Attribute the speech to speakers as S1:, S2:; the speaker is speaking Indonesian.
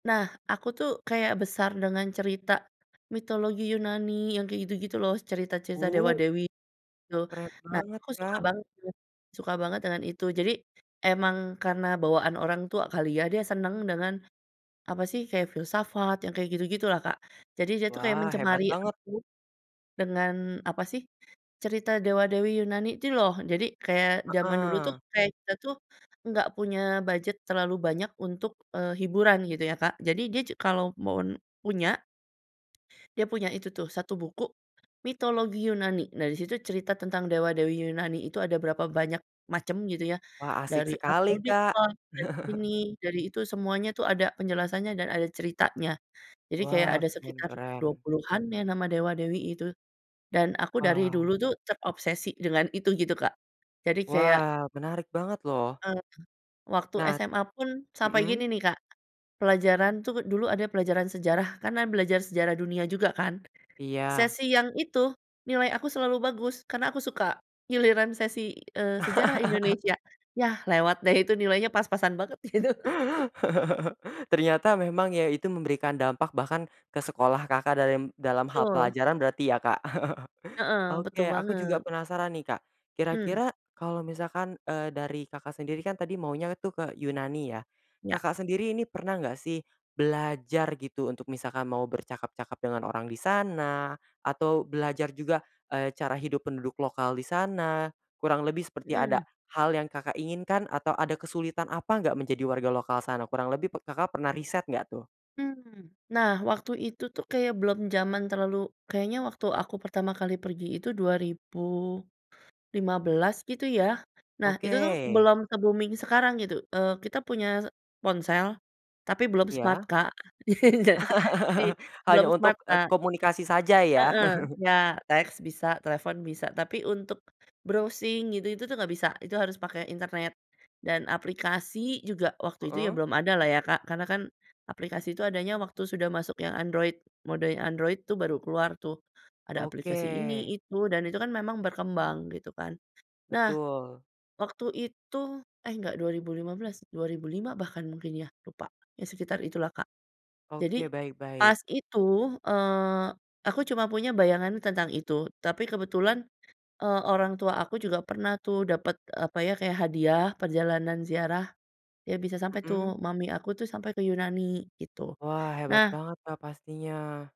S1: Nah aku tuh kayak besar dengan cerita, mitologi Yunani yang kayak gitu-gitu loh cerita-cerita
S2: Bu.
S1: dewa-dewi gitu
S2: Keren
S1: nah
S2: banget
S1: aku suka
S2: Kak!
S1: banget suka banget dengan itu jadi, emang karena bawaan orang tua kali ya dia senang, dengan apa sih, kayak filsafat yang kayak gitu-gitu lah Kak, jadi dia tuh kayak
S2: Wah hebat
S1: mencemari
S2: banget.
S1: aku, dengan, apa sih, cerita dewa-dewi Yunani itu loh jadi kayak zaman dulu tuh
S2: Heeh.
S1: kayak kita tuh, enggak punya budget terlalu banyak untuk, eee, hiburan gitu ya Kak jadi dia ju kalau mau n punya, dia punya itu tuh 1 buku, mitologi Yunani nah disitu cerita tentang dewa-dewi Yunani itu ada berapa banyak macam gitu ya
S2: Wah, asik
S1: dari
S2: sekali
S1: Aphrodite
S2: Kak.
S1: lah dari ini, dari itu semuanya tuh ada penjelasannya dan ada ceritanya. Jadi kayak
S2: Wah,
S1: ada
S2: keren
S1: sekitar
S2: keren.
S1: 20-an ya nama dewa-dewi itu. Dan aku dari
S2: Wah.
S1: dulu tuh terobsesi dengan itu gitu Kak. Jadi kayak
S2: Wah, menarik banget loh.
S1: Mhm. Waktu
S2: Nah.
S1: SMA pun sampai
S2: Mhm.
S1: gini nih Kak, pelajaran tuh dulu ada pelajaran sejarah karena belajar sejarah dunia juga kan,
S2: Iya.
S1: sesi yang itu nilai aku selalu bagus karena aku suka. Giliran sesi, eee, sejarah Indonesia, yah lewat deh itu nilainya pas-pasan banget gitu.
S2: Ternyata memang ya itu memberikan dampak bahkan, ke sekolah Kakak, dalim dalam hal
S1: Betul.
S2: pelajaran berarti ya Kak,
S1: Heeh, betul
S2: oke aku juga
S1: banget.
S2: penasaran nih Kak,
S1: Mmm.
S2: kira-kira kalau misalkan, eee, dari Kakak sendiri kan tadi maunya tuh ke Yunani ya.
S1: Iya.
S2: Kakak, sendiri ini pernah enggak sih, belajar gitu untuk misalkan mau bercakap-cakap dengan orang di sana, atau belajar juga, eee, cara hidup penduduk lokal di sana, kurang lebih seperti ada
S1: Mhm.
S2: hal yang Kakak inginkan atau ada kesulitan apa enggak menjadi warga lokal sana kurang lebih p Kakak pernah riset enggak tuh?
S1: Mmm. Nah, waktu itu tuh kayak belum jaman terlalu, kayaknya waktu aku pertama kali pergi itu 2015 gitu ya, nah
S2: Oke.
S1: itu tuh belum se-booming sekarang gitu, eee, kita punya ponsel, tapi belum smart
S2: Iya.
S1: Kak. Jadi belum
S2: Hanya untuk,
S1: smart
S2: eee,
S1: Kak.
S2: komunikasi saja ya
S1: Heeh, ya teks bisa, telefon bisa tapi untuk, browsing gitu itu tuh enggak bisa itu harus pakai internet, dan aplikasi juga waktu itu ya
S2: Heeh.
S1: belum ada lah ya Kak karena kan, aplikasi itu adanya waktu sudah masuk yang Android mode yang Android tuh baru keluar tuh, ada aplikasi
S2: Oke.
S1: ini, itu, dan itu kan memang berkembang gitu kan, nah,
S2: Betul
S1: waktu itu eh, enggak 2015, 2005 bahkan mungkin ya lupa. Ya sekitar itulah Kak, jadi
S2: Oke, baik
S1: pas
S2: baik.
S1: itu, eee, aku cuma punya bayangan tentang itu tapi kebetulan, eee, orang tua aku juga pernah tuh dapet apa ya kayak hadiah perjalanan ziarah, ya bisa sampai
S2: Mhm.
S1: tuh mami aku tuh sampai ke Yunani gitu.
S2: Wah, hebat
S1: Nah
S2: banget Kak, pastinya.